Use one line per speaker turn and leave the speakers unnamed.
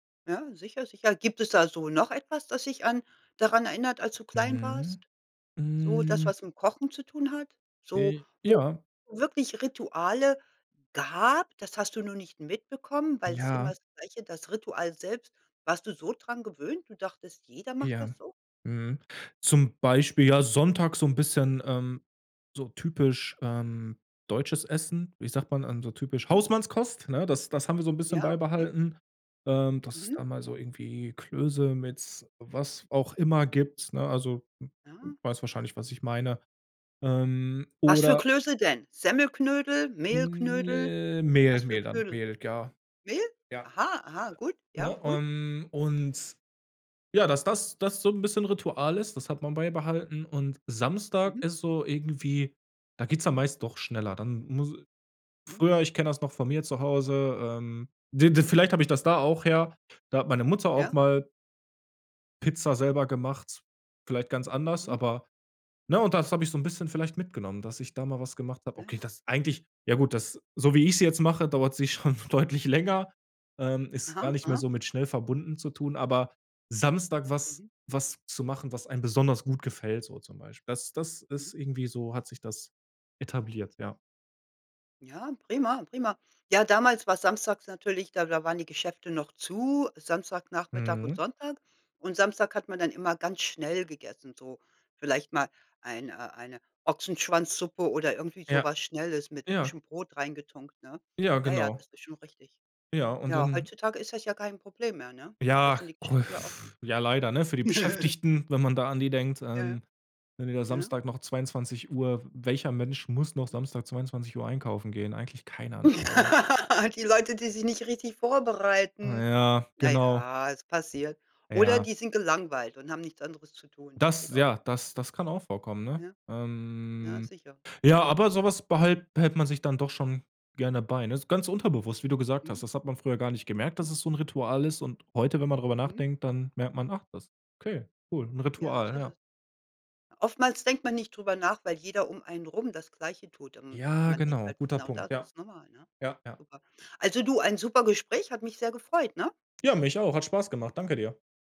Ja, sicher, sicher. Gibt es da so noch etwas, das dich an daran erinnert, als du klein
Mhm.
warst? So das,
Hm.
was mit dem Kochen zu tun hat? So,
I
wo
ja.
wirklich Rituale gab, das hast du nur nicht mitbekommen, weil's immer
Ja.
das Gleiche, das Ritual selbst. Warst du so dran gewöhnt? Du dachtest, jeder macht
Ja.
das so?
Mhm. Zum Beispiel, ja, sonntags so 'n bisschen, ähm so typisch, ähm, deutsches Essen, wie sagt man, ähm, so typisch
Mhm.
Hausmannskost, ne? Das das haben wir so 'n bisschen
Ja, okay.
beibehalten, ähm, dass es
Mhm.
da mal so irgendwie Klöße mit was auch immer gibt, ne? Also, w w
Ah.
weißt wahrscheinlich, was ich meine. Ähm,
Was für
oder
Klöße denn? Semmelknödel, Mehlknödel?
Hm, Mehl
Was für
Mehl dann
Knödel?
Mehl, ja.
Mehl?
Ja.
Aha, aha, gut. Ja,
Ne?
gut.
Ähm, und ja, dass das das so 'n bisschen Ritual ist, das hat man beibehalten. Und Samstag
Mhm.
ist so irgendwie da geht's dann meist doch schneller. Dann muss
Mhm.
früher, ich kenn das noch von mir zu Hause, ähm w w vielleicht hab ich das da auch her, da hat meine Mutter auch
Ja.
mal Pizza selber gemacht, vielleicht ganz anders,
Mhm.
aber ne? Und das hab ich so 'n bisschen vielleicht mitgenommen, dass ich da mal was gemacht hab.
Ja,
Okay,
ja.
das eigentlich ja gut, das, so wie ich sie jetzt mache, dauert's sich schon deutlich länger. Ähm, ist gar
Aha.
nicht mehr
Aha.
so mit schnell verbunden zu tun, aber Samstag was
Mhm.
was zu machen, was einem besonders gut gefällt so zum Beispiel. Das das
Mhm.
ist irgendwie so hat sich das etabliert, ja.
Ja, prima, prima. Ja, damals war samstags natürlich da da waren die Geschäfte noch zu, Samstagnachmittag und
Mhm.
Sonntag. Und Samstag hat man dann immer ganz schnell gegessen, so vielleicht mal ein äh, eine Ochsenschwanzsuppe oder irgendwie so
Ja.
was Schnelles mit
Ja.
frischem Brot reingetunkt, ne?
Ja,
Ja, ja,
genau.
das ist schon richtig.
Ja, und
Ja,
dann
heutzutage ist das ja kein Problem mehr, ne? Das
Ja.
sind die Geschäfte ja offen.
Ja, leider, ne? Für die Beschäftigten, wenn man da an die denkt, ähm,
Ja,
wenn die da
ne?
Samstag noch 22:00 welcher Mensch muss noch
Mhm.
Samstag 22:00 einkaufen gehen? Eigentlich keiner, ne? Aber
Die Leute, die sich nicht richtig
Ah
vorbereiten.
ja,
Na
genau.
ja, es passiert. Oder
Ja.
die sind gelangweilt und haben nichts anderes zu tun. Das geht
Das
auch.
ja, das das kann auch vorkommen, ne?
Ja. Ja,
Ähm,
sicher.
ja, aber so was behal behält man sich dann doch schon gerne bei, ne? Ist ganz unterbewusst, wie du gesagt hast.
Mhm.
Das hat man früher gar nicht gemerkt,
Mhm.
dass es so 'n Ritual ist. Und heute, wenn man drüber
Mhm.
nachdenkt, dann merkt man, ach, das okay, cool, 'n
Ja, das
Ritual,
ist
ja.
es. Oftmals denkt man nicht drüber nach, weil jeder um einen rum das Gleiche tut. Ähm,
Ja,
man denkt
genau,
halt
guter
genau
Punkt.
das, das
Ja.
ist normal, ne?
Ja, ja.
Super. Also du, ein super Gespräch, hat mich sehr gefreut, ne?
Ja, mich auch, hat Spaß gemacht. Danke dir.